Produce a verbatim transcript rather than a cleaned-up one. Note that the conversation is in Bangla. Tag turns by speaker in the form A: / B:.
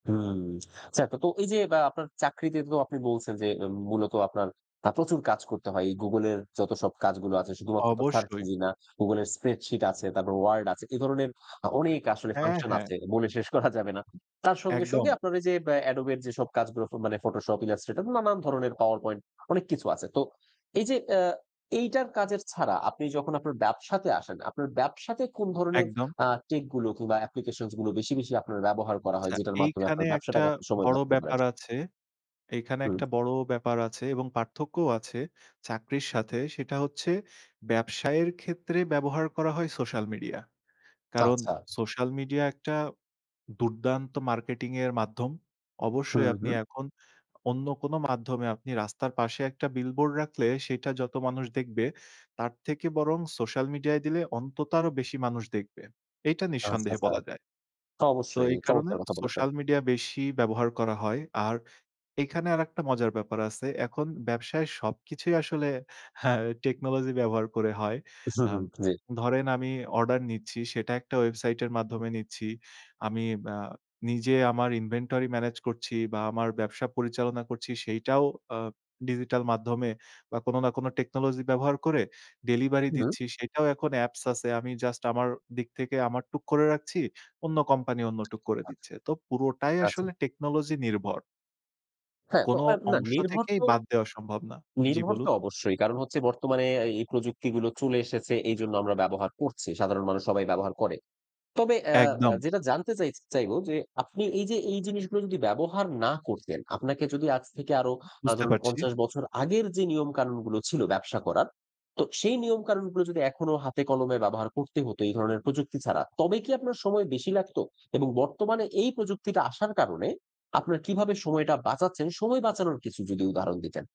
A: হুম, চা, কতো এই যে বা আপনার চাকরিতে তো আপনি বলছেন যে, মূলত আপনার আ প্রচুর কাজ করতে হয়। এই গুগলের যতসব কাজগুলো আছে, শুধুমাত্র তো সার্চ
B: অবশ্যই।
A: ইঞ্জিন না, গুগলের স্প্রেডশিট আছে, তারপর ওয়ার্ড আছে। এ ধরনের অ অনেক আসলে
B: হ্যাঁ,
A: ফাংশন
B: হ্যাঁ।
A: আছে। বলে শেষ করা যাবে না। তার সঙ্গে,
B: একদম।
A: সঙ্গে আপনার ওই যে অ্যাডোবের যেসব কাজগুলো মানে ফটোশপ, ইলাস্ট্রেটর নানান ধরনের পাওয়ার পয়েন্ট অনেক কিছু আছে। তো এই যে, অ্যা এইটার কাজের ছাড়া আপনি যখন আপনার ব্যবসাতে আসেন, আপনার ব্যবসাতে কোন ধরনের
B: একদম।
A: আ টেকগুলো কিংবা অ্যাপ্লিকেশনসগুলো বেশি, বেশি আপনার ব্যবহার করা হয়,
B: আচ্ছা,
A: যেটার মাধ্যমে
B: এইখানে
A: আপনার
B: একটা
A: ব্যবসাটাকে আপনি সময়
B: বড়
A: বাঁচাতে পারেন?
B: ব্যাপার আছে। এইখানে
A: হুম।
B: একটা বড় ব্যাপার আছে এবং পার্থক্যও আছে চাকরির সাথে। সেটা হচ্ছে ব্যবসায়ের ক্ষেত্রে ব্যবহার করা হয় সোশ্যাল মিডিয়া। কারণ
A: আচ্ছা।
B: সোশ্যাল মিডিয়া, একটা দুর্দান্ত মার্কেটিং এর মাধ্যম।
A: হু,
B: অবশ্যই আপনি
A: হু।
B: এখন অন্য কোন মাধ্যমে আপনি রাস্তার পাশে একটা বিলবোর্ড রাখলে, সেইটা যত মানুষ দেখবে, তার থেকে বরং সোশ্যাল মিডিয়ায় দিলে, অন্তত আরও বেশি মানুষ দেখবে। এইটা
A: আচ্ছা,
B: নিঃসন্দেহে
A: আচ্ছা।
B: বলা যায়। তো
A: অবশ্যই।
B: এই কারণে
A: চমৎকার কথা বলেছেন।
B: সোশ্যাল মিডিয়া বেশি ব্যবহার করা হয়। আর এইখানে আরেকটা মজার ব্যাপার আছে। এখন ব্যবসায় সবকিছুই আসলে হ্যাঁ, টেকনোলজি ব্যবহার করে হয়।
A: হু,
B: আ
A: হু। জি।
B: ধরেন আমি অর্ডার নিচ্ছি, সেটা একটা ওয়েবসাইটের মাধ্যমে নিচ্ছি। আমি আ নিজে আমার ইনভেন্টরি ম্যানেজ করছি বা আমার ব্যবসা পরিচালনা করছি, সেইটাও আ ডিজিটাল মাধ্যমে বা কোন না কোন টেকনোলজি ব্যবহার করে ডেলিভারি
A: হু, হু।
B: দিচ্ছি। সেটাও এখন অ্যাপস আছে। আমি জাস্ট আমার দিক থেকে আমার টুক করে রাখছি, অন্য কোম্পানি অন্য টুক করে দিচ্ছে। তো পুরোটাই
A: আচ্ছা।
B: আসলে টেকনোলজি নির্ভর।
A: হ্যাঁ তো
B: কোন
A: অ্যা না
B: অংশ
A: নির্ভর
B: থেকেই
A: তো
B: বাদ দেওয়া সম্ভব না। জ্বি,
A: নির্ভর
B: বলুন।
A: তো অবশ্যই। কারণ হচ্ছে বর্তমানে আ এই প্রযুক্তিগুলো চলে এসেছে এইজন্য আমরা ব্যবহার করছি। সাধারণ মানুষ সবাই ব্যবহার করে। তবে অ্যা অ্যা
B: একদম।
A: যেটা জানতে চাইছি, চাইব যে, আপনি এই যে, এই জিনিসগুলো যদি ব্যবহার না করতেন, আপনাকে যদি আজ থেকে আরো আ
B: বুঝতে
A: ধরুন
B: পারছি।
A: পঞ্চাশ বছর আগের যে নিয়মকানুনগুলো ছিল ব্যবসা করার; তো সেই নিয়মকানুনগুলো যদি, এখনো হাতে কলমে ব্যবহার করতে হত, এই ধরনের প্রযুক্তি ছাড়া, তবে কি আপনার সময় বেশি লাগতো? এবং বর্তমানে এই প্রযুক্তিটা আসার কারণে আপনার কিভাবে সময়টা বাঁচাচ্ছেন? সময় বাঁচানোর কিছু যদি উদাহরণ দিতেন।